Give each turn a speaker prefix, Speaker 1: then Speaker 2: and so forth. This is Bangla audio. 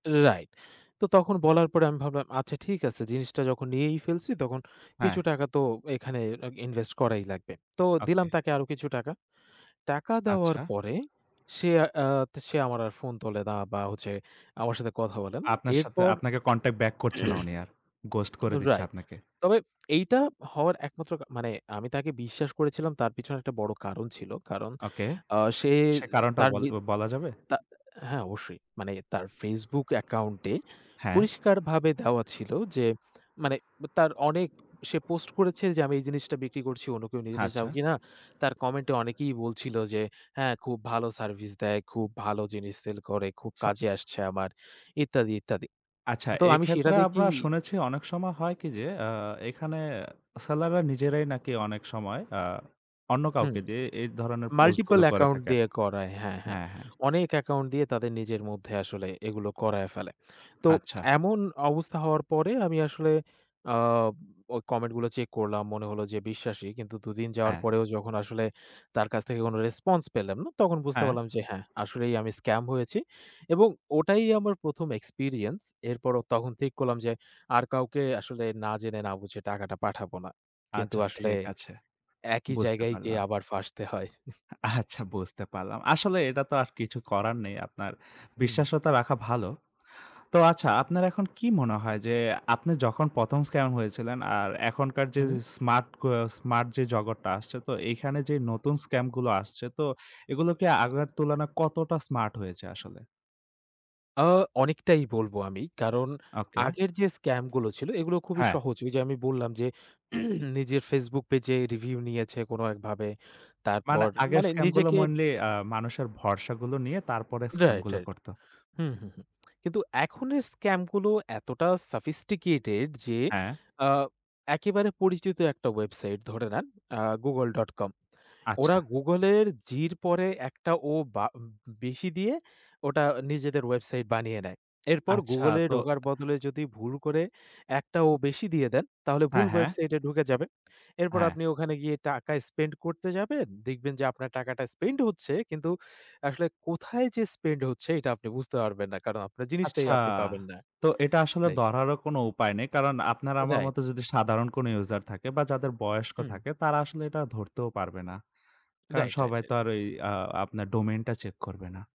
Speaker 1: Right. তো তখন বলার পরে আমি ভাবলাম, আচ্ছা ঠিক আছে। জিনিসটা যখন নিয়েই ফেলছি তখন কিছু
Speaker 2: হ্যাঁ।
Speaker 1: টাকা তো এখানে invest করাই লাগবে। তো দিলাম
Speaker 2: ওকে।
Speaker 1: তাকে আরও কিছু টাকা। টাকা দেওয়ার
Speaker 2: আচ্ছা।
Speaker 1: পরে সে, আ সে আমার আর ফোন তোলে না বা হচ্ছে আমার সাথে কথা বলে না।
Speaker 2: আপনার সাথে
Speaker 1: এরপর
Speaker 2: আপনাকে contact back করছে না উনি আর। ghost করে দিচ্ছে
Speaker 1: Right.
Speaker 2: আপনাকে।
Speaker 1: তবে এইটা হওয়ার একমাত্র কা মানে আমি তাকে বিশ্বাস করেছিলাম তার পিছনে একটা বড় কারণ ছিল। কারণ,
Speaker 2: ওকে।
Speaker 1: আ সে
Speaker 2: সে কারণটা
Speaker 1: তার
Speaker 2: বল
Speaker 1: নি
Speaker 2: বলা যাবে?
Speaker 1: তা হ্যাঁ অবশ্যই। মানে তার Facebook account-এ
Speaker 2: হ্যাঁ।
Speaker 1: পরিষ্কারভাবে দেওয়া ছিল যে, মানে তার অনেক সে post করেছে যে "আমি এই জিনিসটা বিক্রি করছি অন্য কেউ নিতে যেতে চাও
Speaker 2: আচ্ছা।
Speaker 1: কিনা?" তার comment-এ অনেকেই বলছিল যে "হ্যাঁ, খুব ভালো service দেয়, খুব ভালো জিনিস sell করে, খুব
Speaker 2: স
Speaker 1: কাজে আসছে আমার" ইত্যাদি, ইত্যাদি।
Speaker 2: আচ্ছা,
Speaker 1: তো আমি সেটা
Speaker 2: এক্ষেত্রে আমরা
Speaker 1: দেখেই
Speaker 2: শুনেছি অনেক সময় হয় কি? যে, আ এখানে seller রা নিজেরাই নাকি অনেক সময় আ অন্য
Speaker 1: হুম।
Speaker 2: কাউকে দিয়ে এই ধরনের post গুলো
Speaker 1: multiple
Speaker 2: করে
Speaker 1: account
Speaker 2: থাকে
Speaker 1: দিয়ে করায়। হ্যাঁ, হ্যাঁ।
Speaker 2: হ্যাঁ, হ্যাঁ।
Speaker 1: অনেক account দিয়ে তাদের নিজের মধ্যে আসলে এগুলো করায় ফেলে। তো
Speaker 2: আচ্ছা।
Speaker 1: এমন অবস্থা হওয়ার পরে আমি আসলে, আ ওই comment গুলো check করলাম, মনে হলো যে বিশ্বাসী। কিন্তু দু দিন যাওয়ার পরেও যখন আসলে তার কাছ থেকে কোনো response পেলাম না, তখন বুঝতে
Speaker 2: হ্যাঁ।
Speaker 1: পারলাম যে "হ্যাঁ, আসলেই আমি scam হয়েছি" এবং ওটাই আমার ১ম experience। এরপরও তখন ঠিক করলাম যে, আর কাউকে আসলে না জেনে না বুঝে টাকাটা পাঠাবো না। কিন্তু
Speaker 2: আচ্ছা
Speaker 1: আসলে
Speaker 2: ঠিক আছে।
Speaker 1: একই
Speaker 2: বুঝতে
Speaker 1: জায়গায় যেয়ে
Speaker 2: পারলাম।
Speaker 1: আবার ফাঁসতে হয়।
Speaker 2: আ আচ্ছা, বুঝতে পারলাম। আসলে এটা তো আর কিছু করার নেই আপনার
Speaker 1: হুম।
Speaker 2: বিশ্বস্ততা রাখা ভালো। তো আচ্ছা, আপনার এখন কি মনে হয় যে, আপনি যখন ১ম scam হয়েছিলেন আর এখনকার যে
Speaker 1: হুম।
Speaker 2: smart, ক smart যে জগতটা আসছে, তো এখানে যে নতুন scam গুলো আসছে তো এগুলো কি আগের তুলনায় কতটা smart হয়েছে আসলে?
Speaker 1: আ অনেকটাই বলব আমি। কারণ
Speaker 2: ওকে।
Speaker 1: আগের যে scam গুলো ছিল এগুলো খুবই
Speaker 2: হ্যাঁ।
Speaker 1: সহজ। ওই যে আমি বললাম যে, নিজের Facebook page-এ review নিয়েছে কোনো একভাবে।
Speaker 2: মানে
Speaker 1: তারপর
Speaker 2: আগের
Speaker 1: মানে
Speaker 2: scam গুলো
Speaker 1: নিজেকে
Speaker 2: mainly আ মানুষের ভরসাগুলো নিয়ে তারপরে scam
Speaker 1: Right,
Speaker 2: গুলো
Speaker 1: right.
Speaker 2: করত।
Speaker 1: হুম, হুম, হুম। কিন্তু এখনের scam গুলো এতটা sophisticated যে,
Speaker 2: হ্যাঁ।
Speaker 1: অ্যা একেবারে পরিচিত একটা website ধরে নেন, অ্যা google.com, ওরা
Speaker 2: আচ্ছা।
Speaker 1: Google-এর G-র পরে একটা O বা উ উম বেশি দিয়ে ওটা নিজেদের website বানিয়ে নেয়। এরপর
Speaker 2: আচ্ছা
Speaker 1: Google-এ
Speaker 2: তো
Speaker 1: ঢোকার বদলে যদি ভুল করে একটা O বেশি দিয়ে দেন, তাহলে ভুল
Speaker 2: হ্যাঁ, হ্যাঁ।
Speaker 1: website-এ ঢুকে যাবেন। এরপর
Speaker 2: হ্যাঁ।
Speaker 1: আপনি ওখানে গিয়ে টাকা spend করতে যাবেন। দেখবেন যে আপনার টাকাটা spend হচ্ছে কিন্তু আসলে কোথায় যে spend হচ্ছে? এটা আপনি বুঝতে পারবেন না। কারণ আপনার জিনিসটাই
Speaker 2: আচ্ছা,
Speaker 1: আপনি পাবেন না।
Speaker 2: তো এটা আসলে
Speaker 1: Right.
Speaker 2: ধরারও কোন উপায় নেই। কারণ আপনার আমার
Speaker 1: Right.
Speaker 2: মত যদি সাধারণ কোন user থাকে বা যাদের বয়স্ক
Speaker 1: হুম।
Speaker 2: থাকে, তারা আসলে এটা ধরতেও পারবে না। কারণ
Speaker 1: Right, right,
Speaker 2: সবাই
Speaker 1: right.
Speaker 2: তো আর ওই আ আপনার domain টা check করবে না।